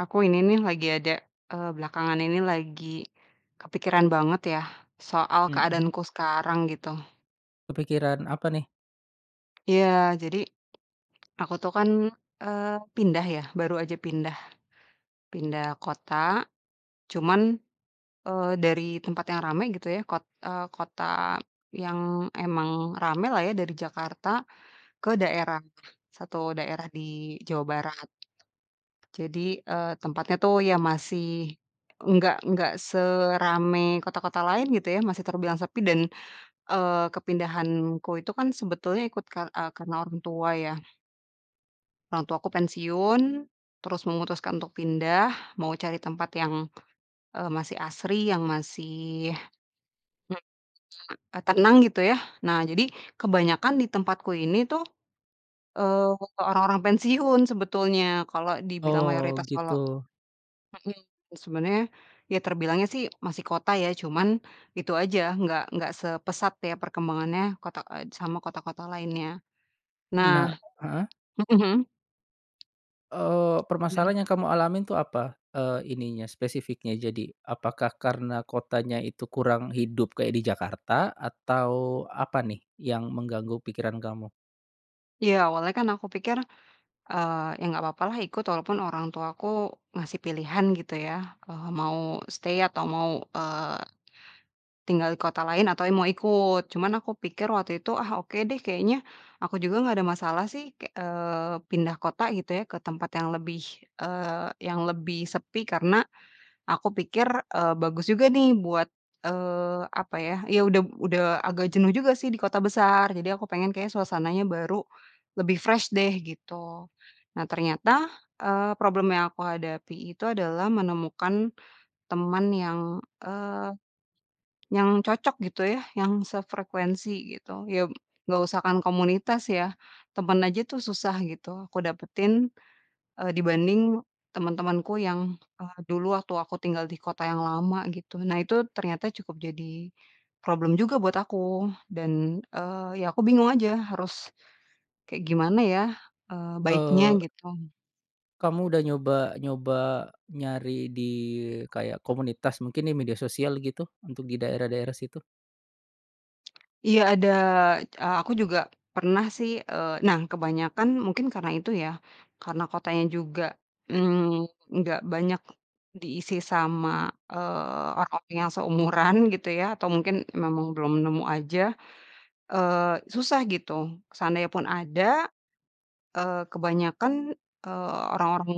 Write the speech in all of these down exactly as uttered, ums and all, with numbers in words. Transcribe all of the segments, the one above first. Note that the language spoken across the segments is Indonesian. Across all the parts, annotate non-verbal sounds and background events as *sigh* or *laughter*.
aku ini nih, lagi ada, eee, belakangan ini lagi, kepikiran banget ya. Soal, Hmm. keadaanku sekarang, gitu. Kepikiran, apa nih? Iya! Jadi, aku tuh kan, eee, pindah ya, baru aja pindah pindah kota. Cuman, eee, dari tempat yang ramai gitu ya, kot eee, kota yang emang ramailah ya, dari Jakarta ke daerah, satu daerah di Jawa Barat. Jadi, eee, tempatnya tuh, ya masih nggak nggak seramai kota-kota lain gitu ya, masih terbilang sepi. Dan, eee, kepindahanku itu kan sebetulnya ikut kar eee, karena orang tua, ya. Orang tuaku pensiun. Terus, memutuskan untuk pindah, mau cari tempat yang, eee, masih asri, yang masih, eee, tenang gitu, ya. Nah, jadi, kebanyakan di tempatku ini tuh, eee, orang-orang pensiun sebetulnya. Kalau dibilang, Oh, mayoritas kalau gitu. hmm, sebenarnya, ya terbilangnya sih masih kota ya, cuman, itu aja, nggak nggak sepesat, ya perkembangannya kota eee, sama kota-kota lainnya. Nah. Nah heeh. Mhm. Eee, Gimana? permasalahan yang kamu alamin tuh, apa, eee, ininya, spesifiknya? Jadi, apakah karena kotanya itu kurang hidup kayak di Jakarta? Atau, apa nih, yang mengganggu pikiran kamu? Iya, awalnya kan aku pikir, eee, ya, nggak papalah ikut, walaupun orang tuaku ngasih pilihan gitu ya, eee, mau stay atau mau, eee, tinggal di kota lain, atau ya mau ikut. Cuman aku pikir waktu itu, ah, oke deh kayaknya, aku juga nggak ada masalah sih kek eee, pindah kota gitu ya, ke tempat yang lebih, eee, yang lebih sepi. Karena aku pikir, eee, bagus juga nih buat, eee, apa ya, ya udah udah agak jenuh juga sih di kota besar. Jadi, aku pengen, kayaknya suasananya baru, lebih fresh deh, gitu. Nah ternyata, eee, problem yang aku hadapi itu adalah menemukan teman yang, eee, yang cocok gitu ya, yang sefrekuensi, gitu. Ya, nggak usah kan, komunitas ya, temen aja tuh, susah gitu aku dapetin, eee, dibanding teman-temanku yang, eee, dulu waktu aku tinggal di kota yang lama, gitu. Nah, itu ternyata cukup jadi problem juga buat aku, dan, eee, ya aku bingung aja, harus kayak gimana ya, eee, baiknya, Eee gitu? kamu udah nyoba nyoba nyari di kayak komunitas, mungkin di media sosial gitu, untuk di daerah-daerah situ? Iya ada, eee, aku juga pernah sih, eee nah kebanyakan, mungkin karena itu ya, karena kotanya juga, mmm, nggak banyak diisi sama, eee, orang yang seumuran gitu ya, atau mungkin memang belum nemu aja, eee, susah gitu. Seandainya pun ada, eee, kebanyakan, eee, orang-orang,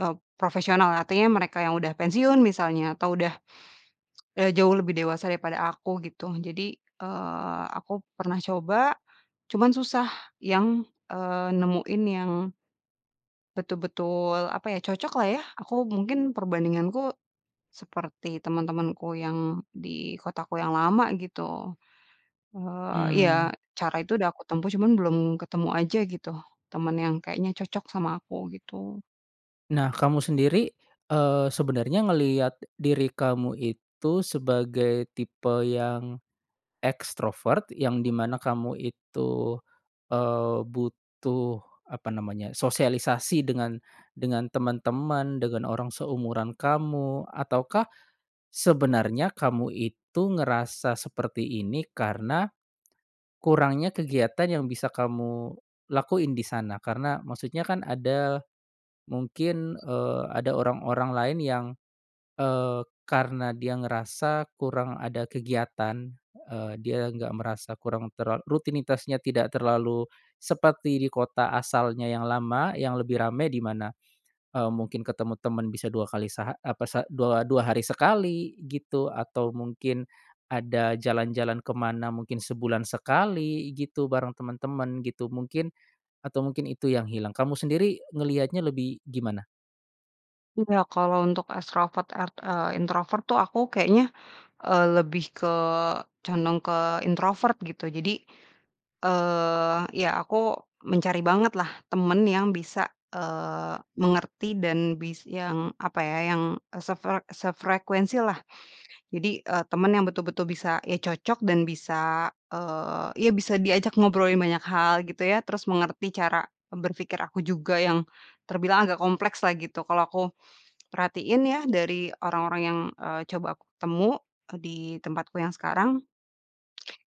eee, profesional, artinya mereka yang sudah pensiun misalnya, atau udah, eee, jauh lebih dewasa daripada aku, gitu. Jadi, eee, aku pernah coba, cuman susah, yang, eee, nemuin yang betul betul, apa ya, cocoklah ya, aku mungkin, perbandinganku, seperti teman-temanku yang di kotaku yang lama, gitu. Eee, iya, Mmm. cara itu udah aku tempuh, cuman belum ketemu aja gitu, temen yang kayaknya cocok sama aku, gitu. Nah, kamu sendiri, eee, sebenarnya ngelihat diri kamu itu sebagai tipe yang ekstrovert, yang di mana kamu itu, eee, butuh, apa namanya, sosialisasi dengan dengan teman-teman, dengan orang seumuran kamu? Ataukah, sebenarnya kamu itu ngerasa seperti ini, karena kurangnya kegiatan yang bisa kamu lakuin di sana? Karena, maksudnya kan, ada, mungkin, eee, ada orang-orang lain yang, eee, karena dia ngerasa kurang ada kegiatan, eee, dia nggak merasa kurang terla rutinitasnya tidak terlalu seperti di kota asalnya yang lama, yang lebih ramai. Di mana, eee, mungkin ketemu teman bisa dua kali seha apa sa dua dua hari sekali, gitu. Atau *unintelligible* mungkin, ada jalan-jalan kemana, mungkin sebulan sekali gitu, bareng temen-temen gitu, mungkin atau mungkin itu yang hilang? Kamu sendiri ngelihatnya lebih gimana? Iya, kalau untuk ekstrovert ert eee, introvert tuh, aku kayaknya, eee, lebih ke, condong ke introvert, gitu. Jadi, eee, iya, aku mencari bangetlah, temen yang bisa, eee, mengerti dan bis yang, apa ya, yang, eee, sefre sefrekuensi, lah. Jadi, eee, teman yang betul-betul bisa, ya cocok dan bisa, eee, ya bisa diajak ngobrolin banyak hal gitu, ya. Terus, mengerti cara, eee, berpikir aku juga yang terbilang agak komplekslah, gitu. Kalau aku perhatiin, ya dari orang-orang yang, eee, coba aku ketemu, di tempatku yang sekarang,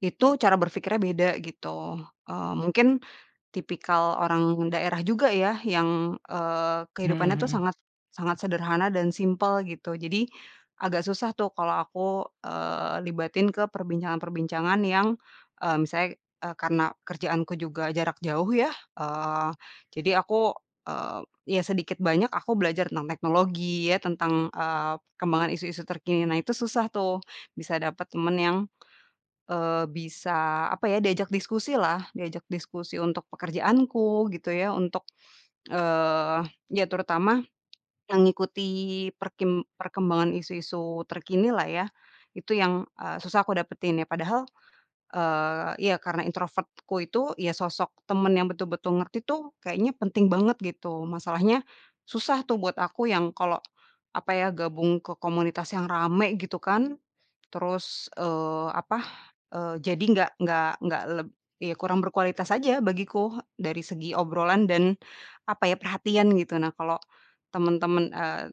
itu cara berpikirnya beda, gitu, eee, mungkin tipikal orang daerah juga ya, yang, eee, Mhm kehidupannya tuh mhm. sangat sangat sederhana, dan simpel, gitu. Jadi, agak susah tuh, kalau aku, eee, libatin ke perbincangan-perbincangan yang, eee, misalnya, eee, karena kerjaanku juga jarak jauh ya, eee, jadi aku, eee, ya sedikit banyak aku belajar tentang teknologi, ya, tentang, eee, perkembangan isu-isu terkini. Nah, itu susah tuh, bisa dapat temen yang, eee, bisa, apa ya, diajak diskusi lah, diajak diskusi untuk pekerjaanku, gitu ya, untuk, eee, ya terutama mengikuti perkim perkembangan isu-isu terkinilah, ya. Itu, yang, eee, susah aku dapetin, ya. Padahal, eee iya, karena introvert-ku itu iya, sosok teman yang betul-betul ngerti tuh, kayaknya penting banget, gitu. Masalahnya, susah tuh, buat aku yang kalau, apa ya, gabung ke komunitas yang ramai, gitu kan. Terus, eee, apa, eee, jadi nggak nggak nggak leb iya, kurang berkualitas aja bagiku, dari segi obrolan dan, apa ya, perhatian, gitu. Nah, kalau teman-teman, eee,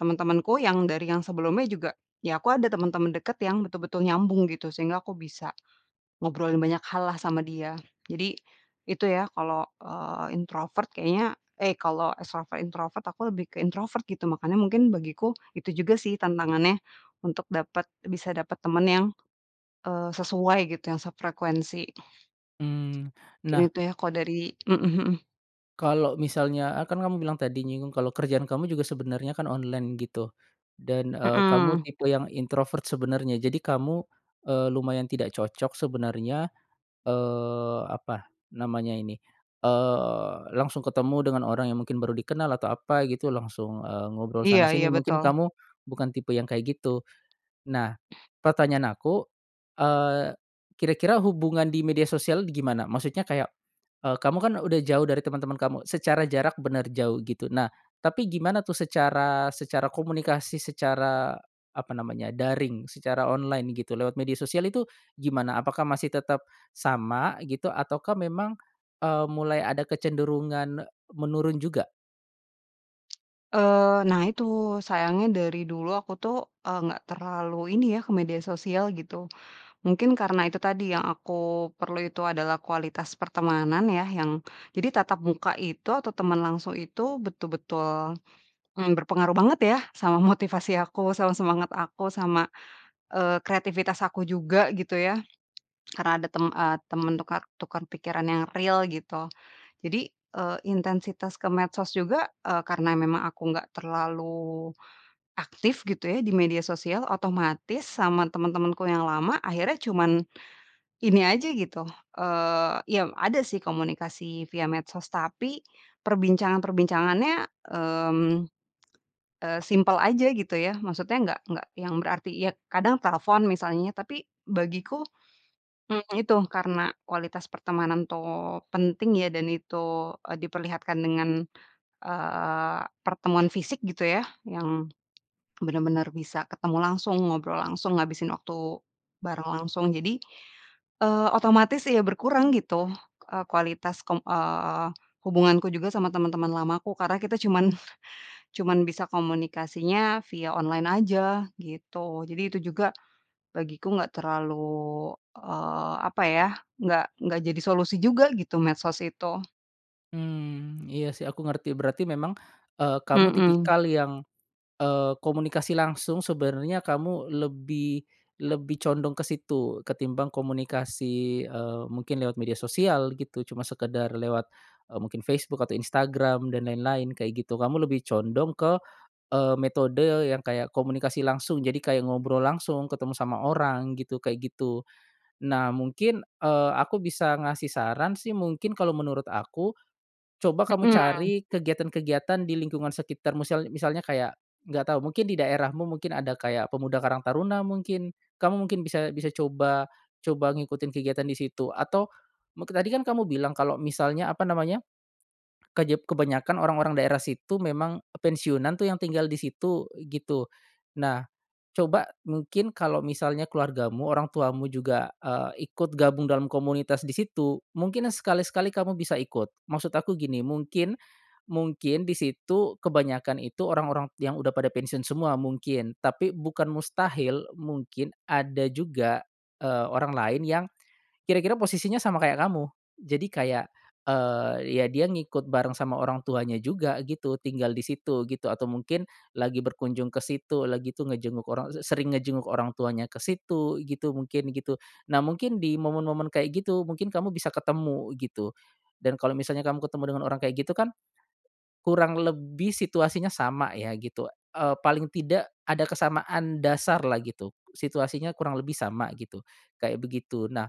teman-temanku yang, dari yang sebelumnya juga, ya aku ada teman-teman dekat, yang betul-betul nyambung, gitu. Sehingga, aku bisa ngobrolin banyak hallah sama dia, jadi, itu ya kalau, eee, introvert kayaknya, eh, kalau ekstrovert, introvert aku lebih ke introvert gitu. Makanya mungkin bagiku, itu juga sih tantangannya untuk dapat bisa dapat teman, yang, eee, sesuai gitu, yang sefrekuensi. Mmm, Mungkin nah itu ya, kalau dari mhm mhm. kalau misalnya, eee, kan kamu bilang tadi, nyinggung kalau kerjaan kamu juga sebenarnya kan online gitu. Dan, eee, kamu Hmm. tipe yang introvert, sebenarnya. Jadi, kamu, eee, lumayan tidak cocok sebenarnya, eee, apa namanya ini, eee, langsung ketemu dengan orang yang mungkin baru dikenal, atau apa gitu, langsung, eee, ngobrol Iya iya, sana-sini, mungkin betul. kamu bukan tipe yang kayak, gitu. Nah, pertanyaan aku, eee, kira-kira hubungan di media sosial gimana? Maksudnya kayak, eee, kamu kan udah jauh dari teman-teman kamu, secara jarak benar jauh, gitu. Nah, tapi gimana tuh, secara secara komunikasi, secara, apa namanya, daring, secara online, gitu, lewat media sosial itu, gimana, apakah masih tetap sama, gitu, ataukah, memang, eee, mulai ada kecenderungan, eee, menurun juga? Eee, nah itu, sayangnya dari dulu aku tuh, eee, nggak terlalu ini ya, ke media sosial, gitu. Mungkin, karena itu tadi, yang aku perlu itu adalah kualitas pertemanan ya, yang, jadi tatap muka itu atau teman langsung itu betul-betul, mmm, berpengaruh banget ya, sama motivasi aku, sama semangat aku, sama, eee, kreativitas aku juga, gitu ya. *swallows* Karena, ada tem eee, teman tukar tukar pikiran yang real, gitu. Jadi, eee, intensitas ke medsos juga, eee, karena memang aku nggak terlalu aktif gitu ya, di media sosial, otomatis sama teman-temanku yang lama, akhirnya cuma ini aja, gitu, eee iya, ada sih komunikasi via medsos. Tapi, perbincangan-perbincangannya, mmm, eee, simpel aja gitu ya, maksudnya nggak nggak yang berarti, ya kadang telepon, misalnya. Tapi bagiku, mmm, itu, karena kualitas pertemanan tuh penting ya, dan itu, eee, diperlihatkan dengan, eee, pertemuan fisik gitu ya, yang benar-benar bisa ketemu langsung, ngobrol langsung, ngabisin waktu bareng langsung. Jadi, eee, otomatis ya berkurang gitu, eee, kualitas kom eee, hubunganku juga sama teman-teman lamaku, karena kita cuman cuman bisa komunikasinya via online aja, gitu. Jadi, itu juga, bagiku nggak terlalu, eee, apa ya, nggak nggak jadi solusi juga, gitu, medsos itu. Mmm, iya sih, aku ngerti. Berarti, memang, eee, kamu Mhm. tipikal yang, eee, komunikasi langsung, sebenarnya kamu lebih lebih condong ke situ, ketimbang komunikasi, eee, mungkin lewat media sosial, gitu. Cuma sekedar lewat, eee, mungkin Facebook, atau Instagram, dan lain-lain, kayak gitu, kamu lebih condong ke, eee, metode yang kayak, komunikasi langsung. Jadi, kayak ngobrol langsung, ketemu sama orang gitu, kayak gitu. Nah, mungkin, eee, aku bisa ngasih saran sih, mungkin kalau menurut aku, coba kamu Mhm. cari kegiatan-kegiatan di lingkungan sekitar. Musial misalnya kayak, nggak tahu, mungkin di daerahmu, mungkin ada kayak pemuda karang taruna mungkin, kamu mungkin bisa bisa coba coba ngikutin kegiatan di situ. Atau, muk tadi kan kamu bilang kalau misalnya, apa namanya, kejep kebanyakan orang-orang daerah situ, memang, eee, pensiunan tuh yang tinggal di situ, gitu. Nah, coba, mungkin kalau misalnya keluargamu, orang tuamu juga, eee, ikut gabung dalam komunitas di situ, mungkin sekali-sekali kamu bisa ikut. Maksud aku gini, mungkin mungkin di situ, kebanyakan itu, orang-orang yang udah pada pensiun semua, mungkin. Tapi, bukan mustahil, mungkin ada juga, eee, orang lain yang kira-kira posisinya sama, kayak kamu. Jadi kayak, eee, ya dia ngikut bareng sama orang tuanya juga, gitu, tinggal di situ, gitu. Atau mungkin, lagi berkunjung ke situlah, gitu, ngejenguk orang se sering ngejenguk orang tuanya ke situ, gitu, mungkin, gitu. Nah, mungkin di momen-momen kayak gitu, mungkin kamu bisa ketemu gitu, dan kalau misalnya kamu ketemu dengan orang kayak gitu kan, kurang lebih situasinya sama ya, gitu, eee, paling tidak, ada kesamaan dasarlah gitu, situasinya kurang lebih sama, gitu, kayak begitu. Nah,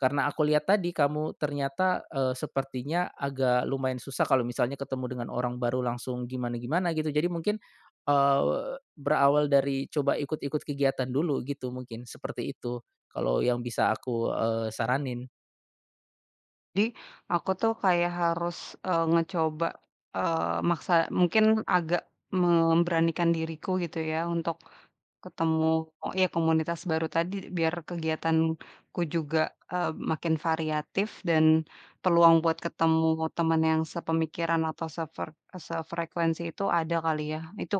karena aku lihat tadi, kamu ternyata, eee, sepertinya agak lumayan susah, kalau misalnya ketemu dengan orang baru, langsung gimana-gimana gitu. Jadi, mungkin, eee, berawal dari coba ikut-ikut kegiatan dulu gitu, mungkin seperti itu kalau yang bisa aku, eee, saranin. Jadi, aku tuh kayak harus, eee, ngecoba, eee, maksa, mungkin agak memberanikan diriku gitu ya. Untuk, ketemu iya, komunitas baru tadi, biar kegiatanku juga, eee, makin variatif, dan peluang buat ketemu teman yang sepemikiran, atau sefre eee, sefrekuensi itu, ada kali ya. Itu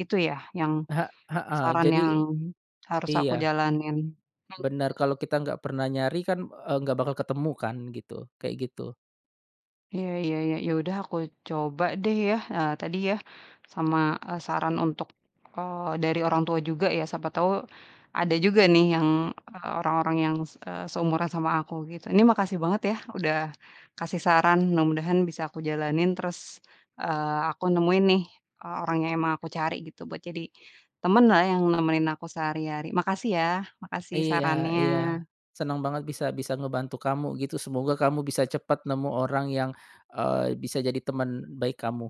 itu ya, yang, He heeh. saran Jadi yang harus aku iya jalanin. Mhm. benar, kalau kita nggak pernah nyari kan, eee, nggak bakal ketemu kan, gitu, kayak gitu. Iya iya iya, ya udah, aku coba deh ya, eee, tadi ya. Sama, eee, saran untuk, eee, dari orang tua juga ya, siapa tau ada juga nih, yang, eee orang-orang yang, se eee, seumuran sama aku, gitu. Ini, makasih banget ya, udah kasih saran, mudah-mudahan bisa aku jalanin. Terus, eee, aku nemuin nih, eee, orang yang emang aku cari, gitu, buat jadi temanlah, yang nemenin aku sehari-hari. Makasih ya, makasih Iya iya. sarannya. Senang banget bisa bisa ngebantu kamu, gitu. Semoga kamu bisa cepat nemu orang, yang, eee, bisa jadi teman baik kamu.